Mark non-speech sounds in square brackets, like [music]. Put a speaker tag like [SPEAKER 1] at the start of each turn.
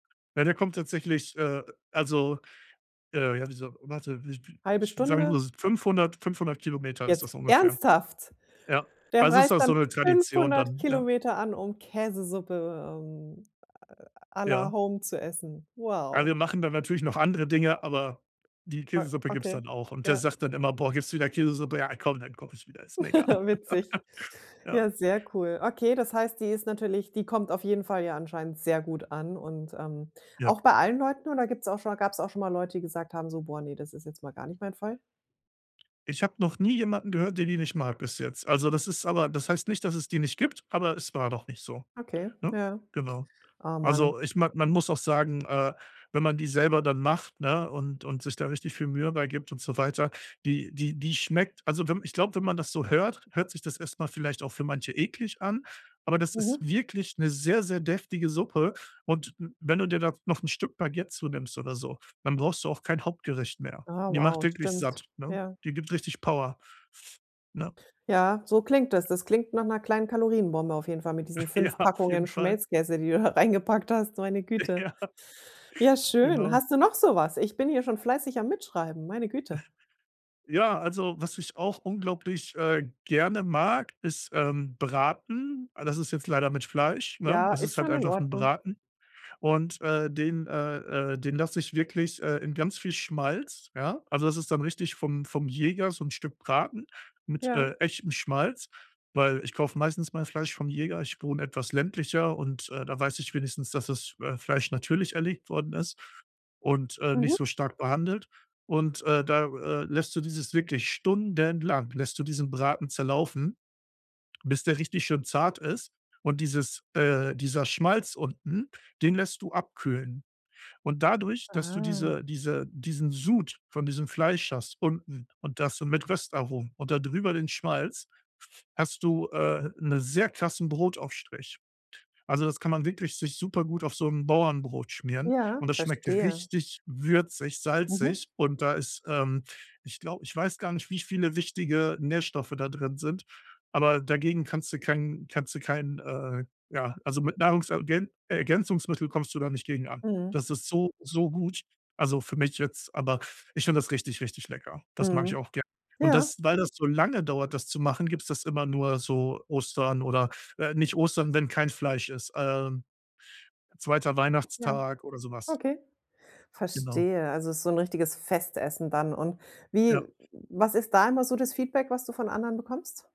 [SPEAKER 1] Ja, der kommt tatsächlich, äh, also äh, ja, wieso warte, w w
[SPEAKER 2] 1/2
[SPEAKER 1] ich sagen wir
[SPEAKER 2] Stunde?
[SPEAKER 1] mal s 500- 500 Kilometer ist
[SPEAKER 2] Jetzt
[SPEAKER 1] das ungefähr.
[SPEAKER 2] ernsthaft?
[SPEAKER 1] Ja,
[SPEAKER 2] Der
[SPEAKER 1] also, ist
[SPEAKER 2] reist
[SPEAKER 1] das so
[SPEAKER 2] dann
[SPEAKER 1] 'ne Tradition
[SPEAKER 2] 500
[SPEAKER 1] dann, ja.
[SPEAKER 2] Kilometer an, um Käsesuppe, ähm, à à la
[SPEAKER 1] Ja.
[SPEAKER 2] Home zu essen.
[SPEAKER 1] Also,
[SPEAKER 2] Wow.
[SPEAKER 1] wir machen da natürlich noch andere Dinge, aber die
[SPEAKER 2] O
[SPEAKER 1] Käsesuppe gibt's
[SPEAKER 2] okay,
[SPEAKER 1] dann auch. Und der
[SPEAKER 2] ja.
[SPEAKER 1] sagt dann immer: „Boah, gibt's wieder Käsesuppe?“ „Ja, komm, dann koche ich wieder, ist mir egal.“
[SPEAKER 2] [chuckles] Witzig.
[SPEAKER 1] [laughs] Ja.
[SPEAKER 2] Ja, sehr cool. Okay, das heißt, die ist natürlich die kommt auf jeden Fall ja anscheinend sehr gut an und, ähm,
[SPEAKER 1] Ja.
[SPEAKER 2] auch bei allen Leuten oder gibt's auch schon gab's auch schon mal Leute, die gesagt haben so: „Boah, ne, das ist jetzt mal gar nicht mein Fall“?
[SPEAKER 1] Ich habe noch nie jemanden gehört, der die nicht mag bis jetzt. Also, das ist aber das heißt nicht, dass es die nicht gibt, aber es war noch nicht so,
[SPEAKER 2] Okay,
[SPEAKER 1] ne?
[SPEAKER 2] ja.
[SPEAKER 1] Genau.
[SPEAKER 2] Oh, man.
[SPEAKER 1] Also, ich mag man muss auch sagen, äh, wenn man die selber dann macht, ne, und und sich da richtig viel Mühe bei gibt und so weiter, die die die schmeckt also, wenn ich glaube, wenn man das so hört, hört sich das erst mal vielleicht auch für manche eklig an, aber das ist
[SPEAKER 2] Mhm.
[SPEAKER 1] wirklich 'ne sehr, sehr deftige Suppe und w wenn du dir da noch 'n Stück Baguette zu nimmst oder so, dann brauchst du auch kein Hauptgericht mehr.
[SPEAKER 2] Ah,
[SPEAKER 1] Die macht
[SPEAKER 2] wow,
[SPEAKER 1] wirklich
[SPEAKER 2] stimmt.
[SPEAKER 1] satt, ne?
[SPEAKER 2] Ja.
[SPEAKER 1] Die gibt richtig Power, f ne?
[SPEAKER 2] Ja, so klingt es. Das klingt nach 'ner kleinen Kalorienbombe auf jeden Fall mit diesen
[SPEAKER 1] Ja,
[SPEAKER 2] 5
[SPEAKER 1] auf
[SPEAKER 2] Packungen
[SPEAKER 1] jeden Fall.
[SPEAKER 2] Schmelzkäse, die du da reingepackt hast, meine Güte.
[SPEAKER 1] Ja.
[SPEAKER 2] Ja schön.
[SPEAKER 1] Genau.
[SPEAKER 2] Hast du noch so was? Ich bin hier schon fleißig am Mitschreiben, meine
[SPEAKER 1] [snorts]
[SPEAKER 2] Güte.
[SPEAKER 1] Ja, also, was ich auch unglaublich, äh, gerne mag, ist, ähm, Braten. Ah, das ist jetzt leider mit Fleisch, ne?
[SPEAKER 2] Ja,
[SPEAKER 1] Das
[SPEAKER 2] ist
[SPEAKER 1] ist halt
[SPEAKER 2] schon in
[SPEAKER 1] einfach 'n
[SPEAKER 2] Ordnung.
[SPEAKER 1] Braten. Und, äh, den äh, äh, den lasse ich wirklich, äh, in ganz viel Schmalz, ja? Also, das ist dann richtig vom vom Jäger so 'n Stück Braten mit,
[SPEAKER 2] Ja.
[SPEAKER 1] äh, echtem Schmalz, weil ich kaufe meistens mein Fleisch vom Jäger. Ich wohne etwas ländlicher und, äh, da weiß ich wenigstens, dass das, äh, Fleisch natürlich erlegt worden ist und, äh,
[SPEAKER 2] Mhm.
[SPEAKER 1] nicht so stark behandelt. Und, äh, da, äh, lässt du dieses wirklich stundenlang lässt du diesen Braten zerlaufen, bis der richtig schön zart ist. Und dieses äh, dieser Schmalz unten, den lässt du abkühlen. Und dadurch, dass du
[SPEAKER 2] Ah.
[SPEAKER 1] diese diese diesen Sud von diesem Fleisch hast unten und das so mit Röstaromen und da drüber den Schmalz, f hast du, äh, 'ne sehr krassen Brotaufstrich. Also, das kann man wirklich sich supergut auf so 'n Bauernbrot schmieren
[SPEAKER 2] Ja,
[SPEAKER 1] und das schmeckt
[SPEAKER 2] verstehe.
[SPEAKER 1] richtig würzig,
[SPEAKER 2] Mhm.
[SPEAKER 1] salzig und da ist ähm, ich glaube ich weiß gar nicht, wie viele wichtige Nährstoffe da drin sind, aber dagegen kannst du kein kannst du kein äh, ja, also, mit Nahrungsergän Ergänzungsmittel kommst du da nicht gegen an.
[SPEAKER 2] Mhm.
[SPEAKER 1] Das ist so, so gut, also für mich jetzt, aber ich finde das richtig, richtig lecker. Das mag ich
[SPEAKER 2] Mhm,
[SPEAKER 1] auch gern, und
[SPEAKER 2] ja.
[SPEAKER 1] das weil das so lange dauert, das zu machen, gibt's das immer nur so Ostern oder, äh, nicht Ostern, wenn kein Fleisch ist, äh, 2.
[SPEAKER 2] Ja,
[SPEAKER 1] Weihnachtstag oder sowas.
[SPEAKER 2] okay.
[SPEAKER 1] Genau.
[SPEAKER 2] Verstehe. Also, ist so 'n richtiges Festessen dann und
[SPEAKER 1] Ja.
[SPEAKER 2] wie was ist da immer so das Feedback, was du von anderen bekommst?